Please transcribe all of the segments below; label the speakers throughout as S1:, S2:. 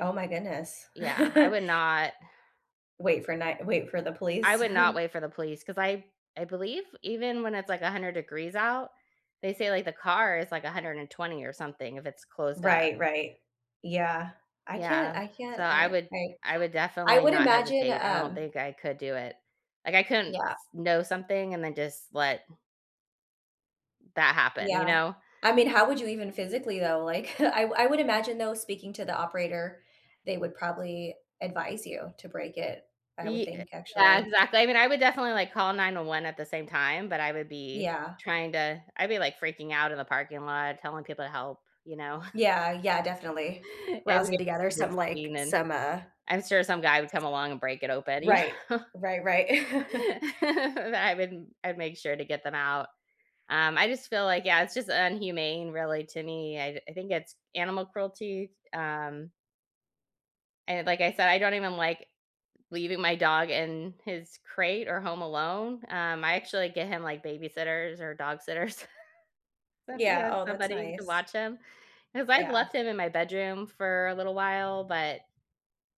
S1: Oh my goodness.
S2: Yeah, I would not
S1: Wait for night wait for the
S2: I
S1: police?
S2: would not wait for the police 'cause I I believe even when it's, like, 100 degrees out, they say, like, the car is, like, 120 or something, if it's closed up.
S1: Right, right. Yeah. I can't
S2: Yeah.
S1: I
S2: So,
S1: can't
S2: I
S1: I
S2: would
S1: I
S2: I would
S1: I
S2: definitely
S1: would
S2: not
S1: imagine,
S2: hesitate. I don't
S1: um
S2: think I could do it, like, I couldn't
S1: Yeah.
S2: s know something and then, just, let that happen, you
S1: Yeah.
S2: know?
S1: I mean, how would you even, physically, though? Like, I I would
S2: Yeah.
S1: imagine, though, speaking to the operator, they would probably advise you to break it. I would
S2: Ye uh,
S1: think,
S2: yeah,
S1: actually.
S2: exactly, I mean, I would definitely, like, call 911 at the same time, but I would be,
S1: Yeah.
S2: trying to I'd be, like, freaking out in the parking lot, telling people to help, you know?
S1: Yeah, yeah, definitely. Rousing together
S2: [unintelligible] be
S1: some, like
S2: scheming.
S1: some, uh
S2: I'm sure some guy would come along and break it open, you
S1: Right.
S2: know?
S1: Right, right.
S2: I wouldn't I'd make sure to get them out. Um, I just feel like yeah, it's just inhumane, really, to me, I d I think it's animal cruelty, um And, like I said, I don't even like leaving my dog in his crate or home alone, um, I, actually, get him, like, babysitters or dog sitters, so he
S1: Yeah.
S2: has
S1: Oh, that's
S2: somebody to
S1: nice.
S2: watch him, 'cause I've
S1: Yeah.
S2: left him in my bedroom for a little while, but,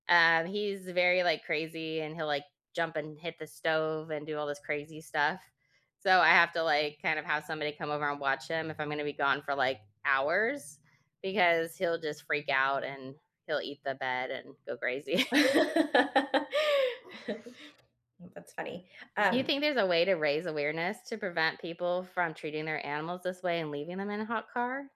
S2: um, he's very, like, crazy, and he'll, like, jump and hit the stove and do all this crazy stuff, so I have to, like, kind of, have somebody come over and watch him if I'm gonna be gone for, like, hours, because he'll just freak out, and he'll eat the bed and go crazy.
S1: That's funny,
S2: Do you
S1: um
S2: think there's a way to raise awareness to prevent people from treating their animals this way and leaving them in a hot car?